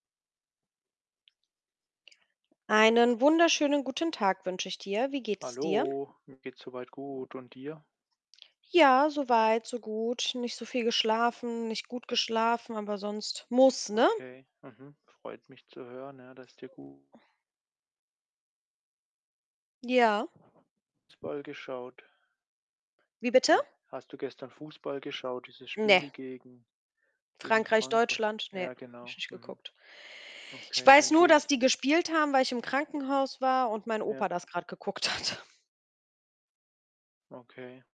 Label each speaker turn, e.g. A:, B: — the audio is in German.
A: Einen wunderschönen guten Tag wünsche ich dir. Wie geht es dir?
B: Hallo, mir geht's so weit gut und dir?
A: Ja, so weit, so gut. Nicht so viel geschlafen, nicht gut geschlafen, aber sonst muss, ne?
B: Okay, mhm. Freut mich zu hören, ja, dass dir gu
A: Ja.
B: Fußball geschaut.
A: Wie bitte?
B: Hast du gestern Fußball geschaut, dieses
A: Ne.
B: Spiel gegen gegen
A: Frankreich,
B: Frankrei
A: Deutschland? Ne,
B: Ja,
A: habe ich
B: genau.
A: nicht
B: Mhm.
A: geguckt. Ich
B: Okay,
A: weiß
B: dann
A: nur,
B: gehe
A: dass
B: ich
A: die gespielt haben, weil ich im Krankenhaus war und mein
B: Ja.
A: Opa das grad geguckt hat.
B: Okay.